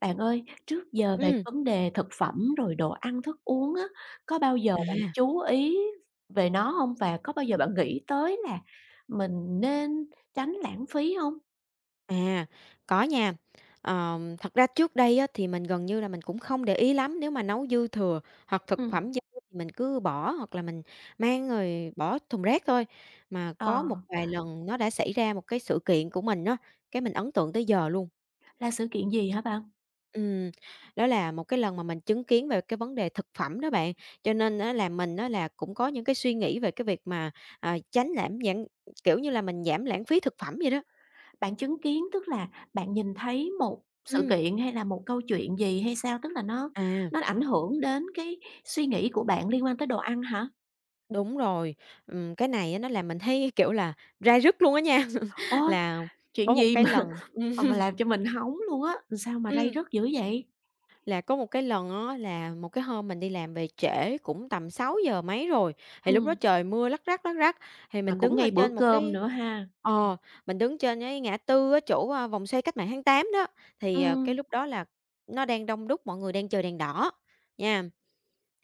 Bạn ơi, trước giờ về cái Ừm. vấn đề thực phẩm rồi đồ ăn thức uống á, có bao giờ bạn À. chú ý về nó hông? Và có bao giờ bạn nghĩ tới là mình nên tránh lãng phí hông? À, có nha. Ờ, thật ra trước đây á, thì mình gần như là mình cũng không để ý lắm, nếu mà nấu dư thừa hoặc thực Ừm. phẩm dư, mình cứ bỏ hoặc là mình mang rồi bỏ thùng rác thôi, mà có một Ờ. vài lần nó đã xảy ra một cái sự kiện của mình á, cái mình ấn tượng tới giờ luôn. Là sự kiện gì hả bạn? Ừm. Đó là một cái lần mà mình chứng kiến về cái vấn đề thực phẩm đó bạn, cho nên á, là mình á, là cũng có những cái suy nghĩ về cái việc mà, ờ, tránh lãng giãn kiểu như là mình giảm lãng phí thực phẩm vậy đó. Bạn chứng kiến, tức là bạn nhìn thấy một sự Ừm. kiện hay là một câu chuyện gì hay sao? Tức là nó À. nó ảnh hưởng đến cái suy nghĩ của bạn liên quan tới đồ ăn hả? Đúng rồi. Ừm, cái này á nó làm mình thấy kiểu là ray rứt luôn á nha. Ô, Là có chuyện một gì cái mà lần mà mà làm cho mình hóng luôn á, làm sao mà ray Ừm. rứt dữ vậy? Là có một cái lần á là một cái hôm mình đi làm về trễ, cũng tầm sáu giờ mấy rồi, thì lúc đó Ừm. trời mưa lắc rắc, lắc rắc, thì Mà mình cũng đứng ở ngay bữa trên một cơm cái nữa ha. ờ, mình đứng trên cái ngã tư á, chỗ, ờ, vòng xoay Cách mạng Tháng Tám đó, thì, ờ, cái Ừm. lúc đó là nó đang đông đúc, mọi người đang chờ đèn đỏ, nha.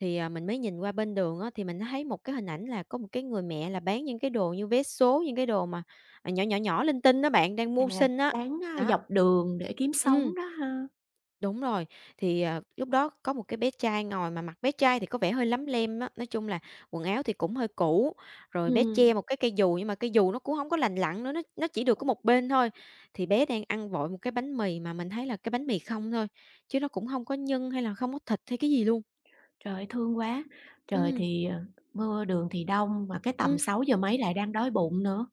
Thì, ờ, mình mới nhìn qua bên đường á, thì mình thấy một cái hình ảnh là có một cái người mẹ là bán những cái đồ như vé số, những cái đồ mà, ờ, nhỏ, nhỏ, nhỏ, linh tinh á bạn, đang mưu À, sinh á, bán, a, đó. dọc đường để kiếm Ừm. sống đó ha. Đúng rồi. Thì, ờ, lúc đó có một cái bé trai ngồi, mà mặt bé trai thì có vẻ hơi lấm lem á, nói chung là quần áo thì cũng hơi cũ, rồi bé Ừm. che một cái cây dù, nhưng mà cây dù nó cũng hông có lành lặn nữa, nó nó chỉ được có một bên thôi. Thì bé đang ăn vội một cái bánh mì, mà mình thấy là cái bánh mì không thôi, chứ nó cũng hông có nhân hay là không có thịt hay cái gì luôn. Trời ơi, thương quá! Trời Ừm. thì, ờ, mưa, đường thì đông, mà cái tầm Ừm. sáu giờ mấy lại đang đói bụng nữa.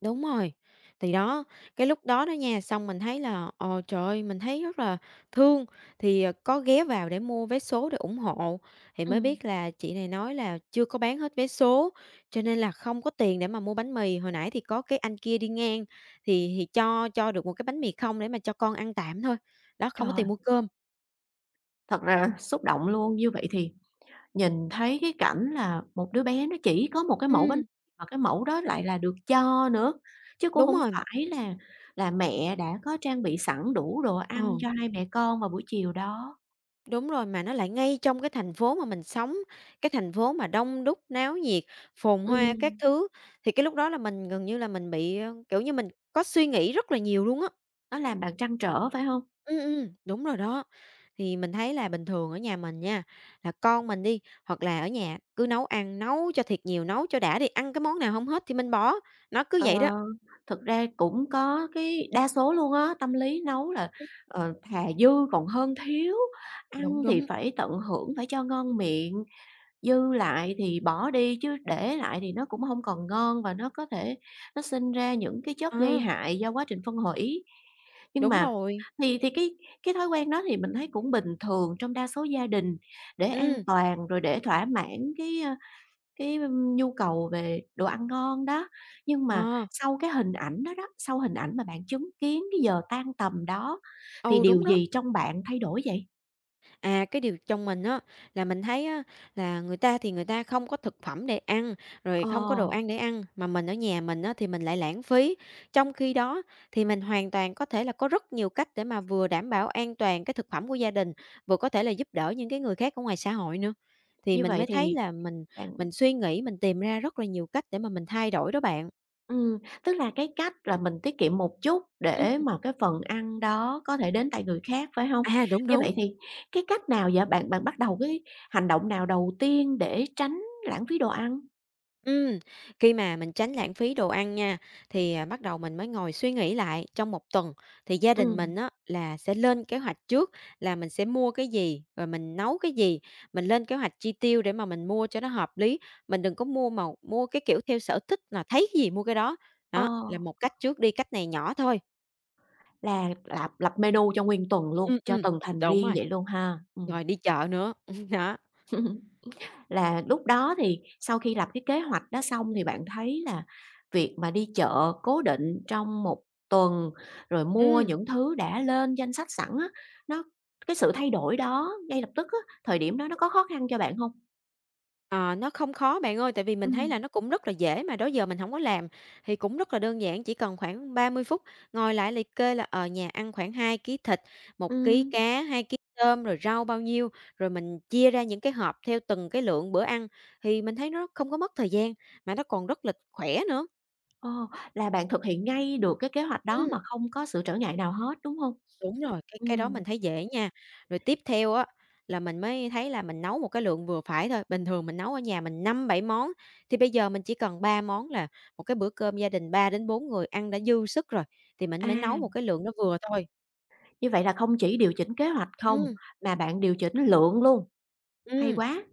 Đúng rồi. Thì đó, cái lúc đó đó nha, xong mình thấy là ồ, trời ơi, mình thấy rất là thương, thì, ờ, có ghé vào để mua vé số để ủng hộ, thì mới Ừm. biết là chị này nói là chưa có bán hết vé số, cho nên là không có tiền để mà mua bánh mì, hồi nãy thì có cái anh kia đi ngang, thì thì cho cho được một cái bánh mì không để mà cho con ăn tạm thôi, đó, không có Trời. tiền mua cơm. Thật ra là xúc động luôn, như vậy thì nhìn thấy cái cảnh là một đứa bé nó chỉ có một cái mẫu bánh Ừm. mà cái mẫu đó lại là được cho nữa, chứ cũng Đúng hông rồi. phải là là mẹ đã có trang bị sẵn đủ đồ ăn Ờ. cho hai mẹ con vào buổi chiều đó. Đúng rồi, mà nó lại ngay trong cái thành phố mà mình sống, cái thành phố mà đông đúc, náo nhiệt, phồn hoa các Ừm. thứ, thì cái lúc đó là mình gần như là mình bị, ờ, kiểu như mình có suy nghĩ rất là nhiều luôn á. Nó làm bạn trăn trở phải hông? Ừm, ừm, đúng rồi đó. Thì mình thấy là bình thường ở nhà mình nha, là con mình đi, hoặc là ở nhà cứ nấu ăn, nấu cho thiệt nhiều, nấu cho đã đi, ăn cái món nào hông hết thì mình bỏ, nó cứ Ờ, vậy đó. thực ra cũng có cái đa số luôn á, tâm lý nấu là, Ừm. ờ, thà dư còn hơn thiếu, Đúng, ăn thì đúng. phải tận hưởng phải cho ngon miệng, dư lại thì bỏ đi chứ để lại thì nó cũng hông còn ngon và nó có thể nó sinh ra những cái chất Ờ. gây hại do quá trình phân hủy. Nhưng Đúng mà rồi. thì thì cái cái thói quen đó thì mình thấy cũng bình thường trong đa số gia đình để an Ừm. toàn rồi để thỏa mãn cái, ơ, cái nhu cầu về đồ ăn ngon đó, nhưng mà Ờ. sau cái hình ảnh đó đó, sau hình ảnh mà bạn chứng kiến cái giờ tan tầm đó thì Ừ, điều đúng đó. gì trong bạn thay đổi vậy? À, cái điều trong mình á, là mình thấy á, là người ta thì người ta không có thực phẩm để ăn, rồi Ờ. không có đồ ăn để ăn, mà mình ở nhà mình á thì mình lại lãng phí. Trong khi đó, thì mình hoàn toàn có thể là có rất nhiều cách để mà vừa đảm bảo an toàn cái thực phẩm của gia đình, vừa có thể là giúp đỡ những cái người khác ở ngoài xã hội nữa. Thì Như mình vậy mới thấy thì là mình bạn mình suy nghĩ, mình tìm ra rất là nhiều cách để mà mình thay đổi đó bạn. Ừm, tức là cái cách là mình tiết kiệm một chút Ừm. để mà cái phần ăn đó có thể đến tại người khác, phải hông? À, đúng, Như vậy đúng. thì cái cách nào vậy? Bạn bạn bắt đầu cái hành động nào đầu tiên để tránh lãng phí đồ ăn? Ừm. Khi mà mình tránh lãng phí đồ ăn nha, thì, ờ, bắt đầu mình mới ngồi suy nghĩ lại trong một tuần, thì gia đình mình Ừm. á là sẽ lên kế hoạch trước, là mình sẽ mua cái gì, rồi mình nấu cái gì. Mình lên kế hoạch chi tiêu để mà mình mua cho nó hợp lý, mình đừng có mua mà mua cái kiểu theo sở thích là thấy cái gì mua cái đó. Ờ. Đó là một cách trước đi, cách này nhỏ thôi. Là lâp lập menu cho nguyên tuần luôn, Ừm, cho ừm, từng thành đúng viên rồi. vậy luôn ha, ừm. Rồi đi chợ nữa, đó. Là lúc đó thì sau khi lập cái kế hoạch đó xong thì bạn thấy là việc mà đi chợ cố định trong một tuần, rồi mua Ừm. những thứ đã lên danh sách sẵn á, nó cái sự thay đổi đó ngay lập tức á, thời điểm đó nó có khó khăn cho bạn hông? Ờ, nó không khó bạn ơi, tại vì mình thấy Ừm. là nó cũng rất là dễ mà đó giờ mình hổng có làm, thì cũng rất là đơn giản, chỉ cần khoảng 30 phút, ngồi lại liệt kê là, ờ, nhà ăn khoảng 2 ký thịt, 1 ký Ừm. cá, 2 ký tôm, rồi rau bao nhiêu, rồi mình chia ra những cái hộp theo từng cái lượng bữa ăn, thì mình thấy nó không có mất thời gian, mà nó còn rất là khỏe nữa. Ờ, là bạn thực hiện ngay được cái kế hoạch đó Ừm. mà không có sự trở ngại nào hết, đúng hông? Đúng rồi, cái cái đó Ừm. mình thấy dễ nha. Rồi tiếp theo á, là mình mới thấy là mình nấu một cái lượng vừa phải thôi, bình thường mình nấu ở nhà mình 5-7 món, thì bây giờ mình chỉ cần 3 món là một cái bữa cơm gia đình 3-4 người ăn đã dư sức rồi, thì mình À. mới nấu một cái lượng đó vừa thôi. Như vậy là không chỉ điều chỉnh kế hoạch không Ừm. mà bạn điều chỉnh lượng luôn, hay Ừm. quá.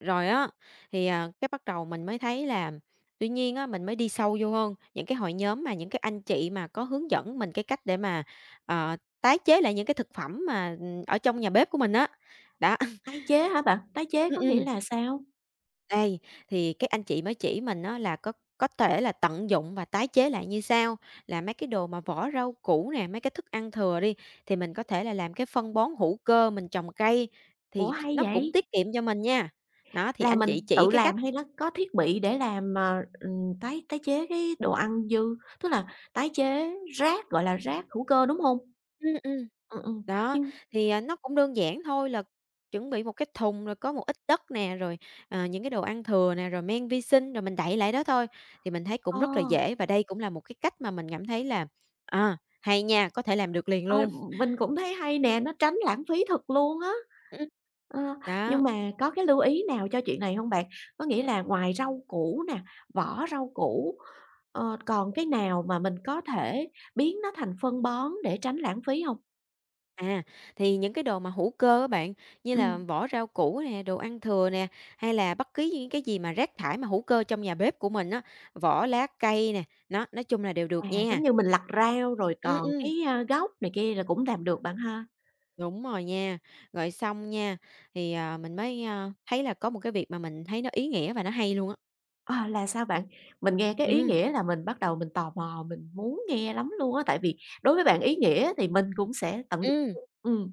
Rồi á, thì, à, cái bắt đầu mình mới thấy là, tuy nhiên á, mình mới đi sâu vô hơn, những cái hội nhóm mà những cái anh chị mà có hướng dẫn mình cái cách để mà, ờ, tái chế lại những cái thực phẩm mà, ừm, ở trong nhà bếp của mình á, đó. Tái chế hả bạn? Tái chế Ừm, có nghĩa ừm. là sao? Đây, thì các anh chị mới chỉ mình á là có có thể là tận dụng và tái chế lại như sau. Là mấy cái đồ mà vỏ rau củ nè, mấy cái thức ăn thừa đi, thì mình có thể là làm cái phân bón hữu cơ, mình trồng cây, Ủa thì ch hay nó cũng vậy? tiết kiệm cho mình nha. Đó, thì Là anh mình chị chỉ tự cái cách làm hay nó có thiết bị để làm, ờ, ừm, tái tái chế cái đồ ăn dư, tức là tái chế rác, gọi là, rác hữu cơ, đúng hông? Ừm, ừm. Ừm, ừm, Đó, nhưng thì, ờ, nó cũng đơn giản thôi là chuẩn bị một cái thùng rồi có một ít đất nè, rồi, à, những cái đồ ăn thừa nè, rồi men vi sinh, rồi mình đậy lại đó thôi. Thì mình thấy Ờ. cũng rất là dễ và đây cũng là một cái cách mà mình cảm thấy là, à, hay nha, có thể làm được liền Ờ, luôn. mình cũng thấy hay nè, nó tránh lãng phí thật luôn á. Ừm. Ờ, Đó. nhưng mà có cái lưu ý nào cho chuyện này hông bạn? Có nghĩa là ngoài rau củ nè, vỏ rau củ, ờ, còn cái nào mà mình có thể biến nó thành phân bón để tránh lãng phí hông? À, thì những cái đồ mà hữu cơ á bạn, như là Ừm. vỏ rau củ nè, đồ ăn thừa nè, hay là bất cứ những cái gì mà rác thải hữu cơ trong nhà bếp của mình á, vỏ lá cây nè, đó, nói chung là đều được À, giống nha. như mình lặt rau rồi Ừm, còn ừm. cái, a, gốc này kia là cũng làm được bạn ha. Đúng rồi nha, rồi xong nha, thì, ờ, mình mới, ơ, thấy là có một cái việc mà mình thấy nó ý nghĩa và nó hay luôn á. À, là sao bạn? Mình nghe cái ý Ừm. nghĩa là mình bắt đầu mình tò mò, mình muốn nghe lắm luôn á! Tại vì đối với bạn ý nghĩa thì mình cũng sẽ tận Ừm. [unintelligible] ừm.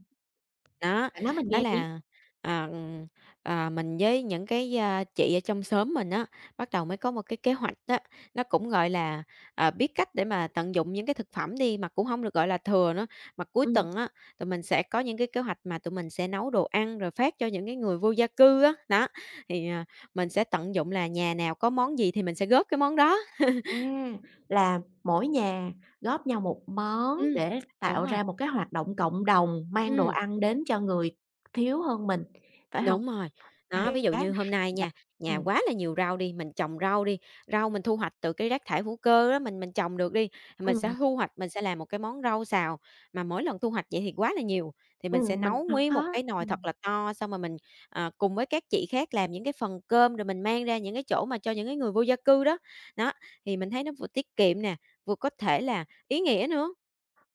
Đó. Bạn nói mình Đó nghe đi. là, ờ, ừm, à, mình với những cái, a, chị ở trong xóm mình á, bắt đầu mới có một cái kế hoạch á, nó cũng gọi là, à, biết cách để mà tận dụng những cái thực phẩm đi, mà cũng hông được gọi là thừa nữa, mà cuối Ừm. tuần á, tụi mình sẽ có những cái kế hoạch mà tụi mình sẽ nấu đồ ăn rồi phát cho những cái người vô gia cư á, đó. Thì, à, mình sẽ tận dụng là nhà nào có món gì thì mình sẽ góp cái món đó. À! Là mỗi nhà góp nhau một món Ừm. để Đúng tạo rồi. ra một cái hoạt động cộng đồng mang đồ Ừm. ăn đến cho người thiếu hơn mình, phải hông? Đúng rồi. Đó, ví Hay dụ á! như hôm nay nha, Bạn nhà ừm. quá là nhiều rau đi, mình trồng rau đi, rau mình thu hoạch từ cái rác thải hữu cơ đó, mình mình trồng được đi, mình Ừm. sẽ thu hoạch, mình sẽ làm một cái món rau xào. Mà mỗi lần thu hoạch vậy thì quá là nhiều, thì mình sẽ Ừm, mình nấu hổng nguyên một cái [unintelligible] nồi thật ừm. là to, xong rồi mình, à, cùng với các chị khác làm những cái phần cơm rồi mình mang ra những cái chỗ mà cho những cái người vô gia cư đó, đó. Thì mình thấy nó vừa tiết kiệm nè, vừa có thể là ý nghĩa nữa.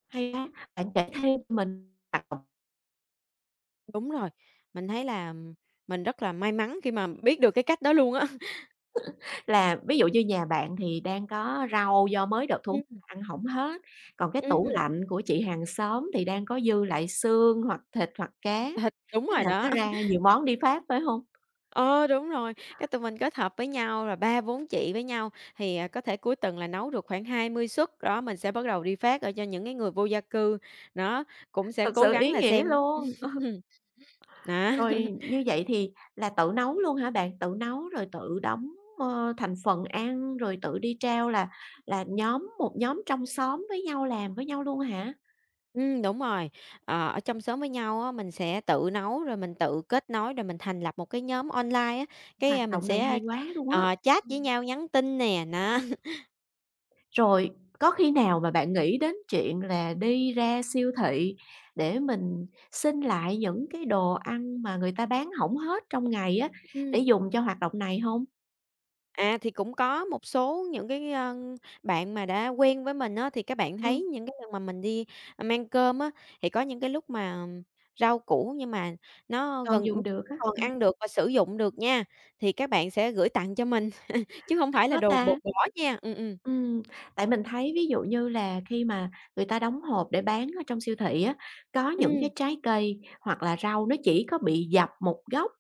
Hay á. Bạn kể thêm cho mình [unintelligible] Đúng rồi, mình thấy là, ừm, mình rất là may mắn khi mà biết được cái cách đó luôn á. Là ví dụ như nhà bạn thì đang có rau do mới được thu Ừm. ăn hổng hết, còn cái tủ Ừm. lạnh của chị hàng xóm thì đang có dư lại xương hoặc thịt hoặc cá, Đúng thế rồi là nó đó. ra nhiều món đi phát, phải hông? Ờ, đúng rồi. Cái tụi mình kết hợp với nhau là 3-4 chị với nhau, thì, à, có thể cuối tuần là nấu được khoảng 20 suất. Đó, mình sẽ bắt đầu đi phát, ờ, cho những cái người vô gia cư, đó, cũng sẽ Thật cố sự gắng ý là nghĩa xem luôn. đó. Rồi như vậy thì là tự nấu luôn hả bạn, tự nấu rồi tự đóng, ờ, thành phần ăn, rồi tự đi trao là là nhóm một nhóm trong xóm với nhau, làm với nhau luôn hả? Ừm, đúng rồi. Ờ, ở trong xóm với nhau á, mình sẽ tự nấu, rồi mình tự kết nối rồi mình thành lập một cái nhóm online á, cái, Hoạt ơ, mình động này hay sẽ, quá luôn á. ờ, chat với Ừm. nhau, nhắn tin nè. Đó. Rồi có khi nào mà bạn nghĩ đến chuyện là đi ra siêu thị để mình xin lại những cái đồ ăn mà người ta bán hổng hết trong ngày á, Ừm. để dùng cho hoạt động này hông? À, thì cũng có một số những cái, ờ, bạn mà đã quen với mình á, thì các bạn Ừm. thấy những cái lần mà mình đi, a, mang cơm á, thì có những cái lúc mà rau củ nhưng mà nó Còn gần, ưm, dùng được như á. còn À. ăn được và sử dụng được nha, thì các bạn sẽ gửi tặng cho mình, chứ hông Thích phải là quá đồ b ta! bỏ nha, ừm, ừm. Ừm, tại mình thấy ví dụ như là khi mà người ta đóng hộp để bán ở trong siêu thị á, có những cái Ừm. trái cây hoặc là rau nó chỉ có bị dập một gốc,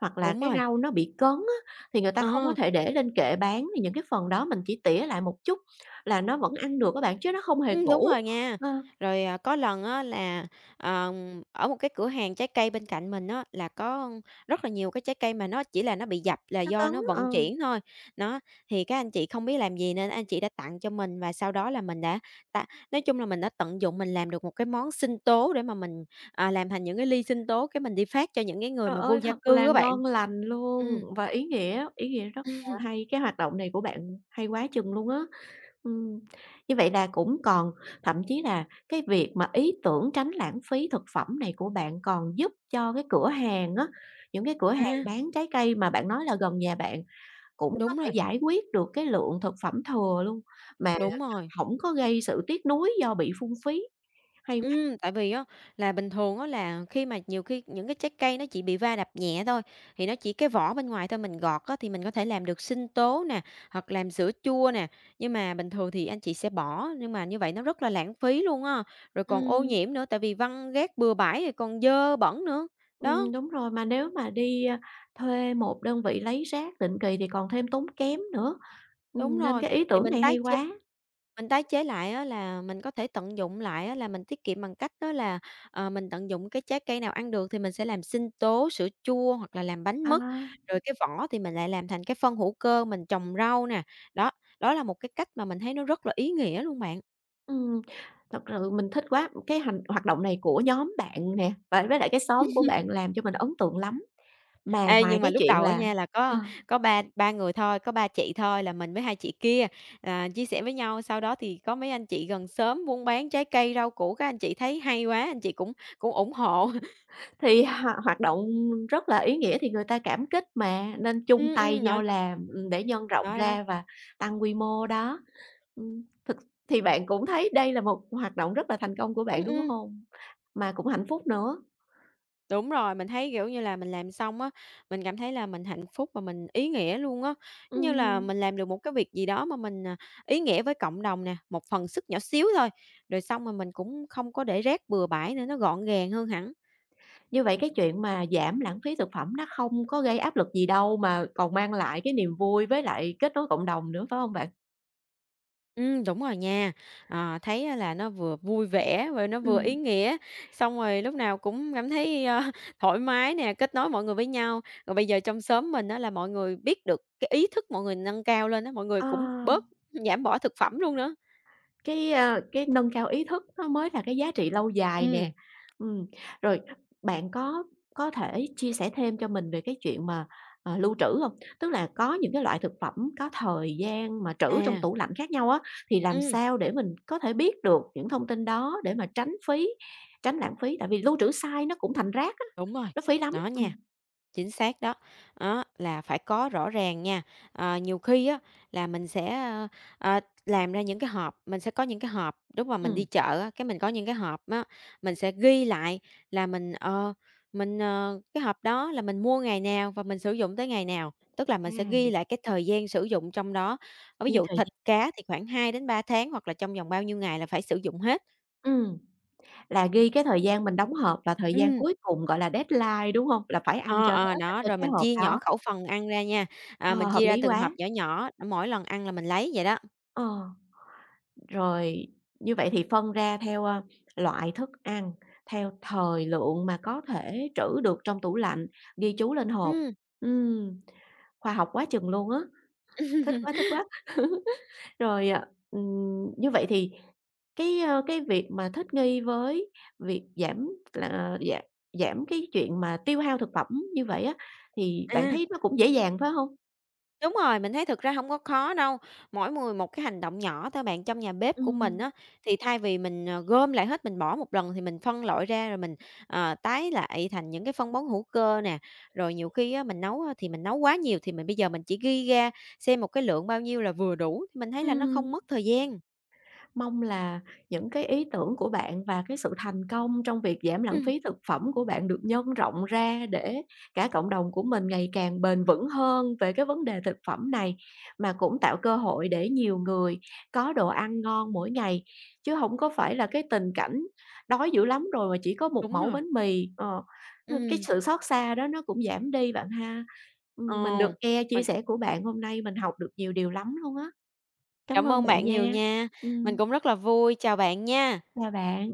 hoặc là Đúng cái rồi. rau nó bị cấn á, thì người ta không có Ờ. thể để lên kệ bán thì những cái phần đó mình chỉ tỉa lại một chút là nó vẫn ăn được á bạn, chứ nó không hề Ừm, đúng cũ, rồi nha. ờ. Rồi, à, có lần á, là, ờ, ở một cái cửa hàng trái cây bên cạnh mình á, là có rất là nhiều cái trái cây mà nó chỉ là nó bị dập là Nó do cấn, nó vận ờ. chuyển thôi. Đó, thì các anh chị không biết làm gì nên anh chị đã tặng cho mình, và sau đó là mình đã ta nói chung là mình đã tận dụng mình làm được một cái món sinh tố để mà mình, à, làm thành những cái ly sinh tố, cái mình đi phát cho những cái người Trời mà vô ơi! gia Thật cư là á bạn. ngon lành luôn Ừm. và ý nghĩa, ý nghĩa rất là hay, cái hoạt động này của bạn hay quá chừng luôn á. Ừm, như vậy là cũng còn thậm chí là cái việc mà ý tưởng tránh lãng phí thực phẩm này của bạn còn giúp cho cái cửa hàng á, những cái cửa hàng À. bán trái cây mà bạn nói là gần nhà bạn cũng có Đúng thể rồi. giải quyết được cái lượng thực phẩm thừa luôn mà, à, Đúng rồi. hổng có gây sự tiếc nuối do bị phung phí. Hay quá! Ừm, tại vì á, là bình thường á, là khi mà nhiều khi những cái trái cây nó chỉ bị va đập nhẹ thôi, thì nó chỉ cái vỏ bên ngoài thôi, mình gọt á thì mình có thể làm được sinh tố nè, hoặc làm sữa chua nè. Nhưng mà bình thường thì anh chị sẽ bỏ, nhưng mà như vậy nó rất là lãng phí luôn á, rồi còn ô Ừm. nhiễm nữa, tại vì văng rác bừa bãi rồi còn dơ bẩn nữa. Đó. Ừm, đúng rồi, mà nếu mà đi, ơ, thuê một đơn vị lấy rác định kỳ thì còn thêm tốn kém nữa. Đúng Ừm, nên rồi, cái ý thì tưởng mình này hay tái chế quá. mình tái chế lại á, là mình có thể tận dụng lại á là mình tiết kiệm bằng cách đó là, ờ, mình tận dụng cái trái cây nào ăn được thì mình sẽ làm sinh tố, sữa chua hoặc là làm bánh mứt, À. rồi cái vỏ thì mình lại làm thành cái phân hữu cơ, mình trồng rau nè. Đó, đó là một cái cách mà mình thấy nó rất là ý nghĩa luôn bạn. Ừm, thật sự mình thích quá! Cái hành hoạt động này của nhóm bạn nè, và với lại cái xóm của bạn làm cho mình ấn tượng lắm, mà Ê, ngoài nhưng mà cái lúc chuyện đầu á là nha, là ờ. có có ba ba người thôi, có 3 chị thôi là mình với 2 chị kia, à, chia sẻ với nhau, sau đó thì có mấy anh chị gần xóm buôn bán trái cây, rau củ, các anh chị thấy hay quá, anh chị cũng cũng ủng hộ. Thì h hoạt động rất là ý nghĩa thì người ta cảm kích mà, nên chung Ừm, tay ừm, nói nhau nói làm, ừm, để nhân rộng Đó, đó. ra và tăng quy mô đó. Ừm, thực thì bạn cũng thấy đây là một hoạt động rất là thành công của bạn, Ừm, đúng ừm. hông? Mà cũng hạnh phúc nữa. Đúng rồi, mình thấy, kiểu như là, mình làm xong á, mình cảm thấy là mình hạnh phúc và mình ý nghĩa luôn á, giống như là Ừm. mình làm được một cái việc gì đó mà mình, à, ý nghĩa với cộng đồng nè, một phần sức nhỏ xíu thôi, rồi xong rồi mà mình cũng không có để rác bừa bãi nữa, nó gọn gàng hơn hẳn. Như vậy cái chuyện mà giảm lãng phí thực phẩm nó không có gây áp lực gì đâu mà còn mang lại cái niềm vui với lại kết nối cộng đồng nữa, phải hông bạn? Ừm, đúng rồi nha, ờ, thấy là nó vừa vui vẻ và nó vừa ý Ừm. nghĩa, xong rồi lúc nào cũng cảm thấy, ơ, thoải mái nè, kết nối mọi người với nhau. Rồi bây giờ trong xóm mình á, là mọi người biết được, cái ý thức mọi người nâng cao lên á, mọi người Ờ. cũng bớt giảm bỏ thực phẩm luôn nữa. Cái, ơ, cái nâng cao ý thức nó mới là cái giá trị lâu dài nè. Ừm. Ừm, rồi bạn có có thể chia sẻ thêm cho mình về cái chuyện mà, ờ, lưu trữ hông? Tức là có những cái loại thực phẩm có thời gian mà trữ trong À. tủ lạnh khác nhau á, thì làm Ừm. sao để mình có thể biết được những thông tin đó để mà tránh phí tránh lãng phí? Tại vì lưu trữ sai nó cũng thành rác á, Đúng rồi, nó phí lắm, nó ừm. nha, chính xác đó. Đó, là phải có rõ ràng nha, ờ, nhiều khi á, là mình sẽ, ơ, ờ, làm ra những cái hộp, mình sẽ có những cái hộp lúc mà mình đi Ừm. chợ á, cái mình có những cái hộp á, mình sẽ ghi lại là mình, ờ, mình, ờ, cái hộp đó là mình mua ngày nào và mình sử dụng tới ngày nào, tức là À, mình sẽ ừm. ghi lại cái thời gian sử dụng trong đó, ờ, ví Ghi dụ thời thịt gian. cá thì khoảng 2-3 tháng hoặc là trong vòng bao nhiêu ngày là phải sử dụng hết. Ừm. Là ghi cái thời gian mình đóng hộp và thời gian Ừm. cuối cùng gọi là deadline, đúng hông? Là phải ăn Ờ, cho ờ, hết ở đó. trên Rồi cái mình hộp chia nhỏ đó. khẩu phần ăn ra nha, à, Ờ, mình hợp chia ra lý từng hộp quá. nhỏ nhỏ, mỗi lần ăn là mình lấy vậy đó. Ờ. Rồi, như vậy thì phân ra theo, ơ, loại thức ăn, theo thời lượng mà có thể trữ được trong tủ lạnh, ghi chú lên hộp. Ừm. Ừm. Khoa học quá chừng luôn á. Thích quá, thích quá! Rồi, ờ, ừm, như vậy thì cái, ơ, cái việc mà thích nghi với việc giảm là giảm là gi giảm cái chuyện mà tiêu hao thực phẩm như vậy á, thì bạn À. thấy nó cũng dễ dàng, phải hông? Đúng rồi, mình thấy thực ra hông có khó đâu, mỗi người một cái hành động nhỏ thôi bạn. Trong nhà bếp của mình Ừm. á, thì thay vì mình gom lại hết, mình bỏ một lần thì mình phân loại ra rồi mình, ờ, tái lại thành những cái phân bón hữu cơ nè. Rồi nhiều khi á, mình nấu thì mình nấu quá nhiều, thì mình bây giờ mình chỉ ghi ra xem một cái lượng bao nhiêu là vừa đủ, thì mình thấy là nó không Ừm. mất thời gian. Mong là những cái ý tưởng của bạn và cái sự thành công trong việc giảm lãng Ừm. phí thực phẩm của bạn được nhân rộng ra, để cả cộng đồng của mình ngày càng bền vững hơn về cái vấn đề thực phẩm này. Mà cũng tạo cơ hội để nhiều người có đồ ăn ngon mỗi ngày, chứ hổng có phải là cái tình cảnh đói dữ lắm rồi mà chỉ có một Đúng mẩu rồi. bánh mì. Ờ, ờ, cái Ừm. sự xót xa đó nó cũng giảm đi bạn ha. Ờ, Ừm, mình được nghe mà chia sẻ của bạn hôm nay, mình học được nhiều điều lắm luôn á. Cám Cảm ơn ơn bạn bạn nhiều nha. nha, mình Ừm. cũng rất là vui, chào bạn nha. Chào bạn.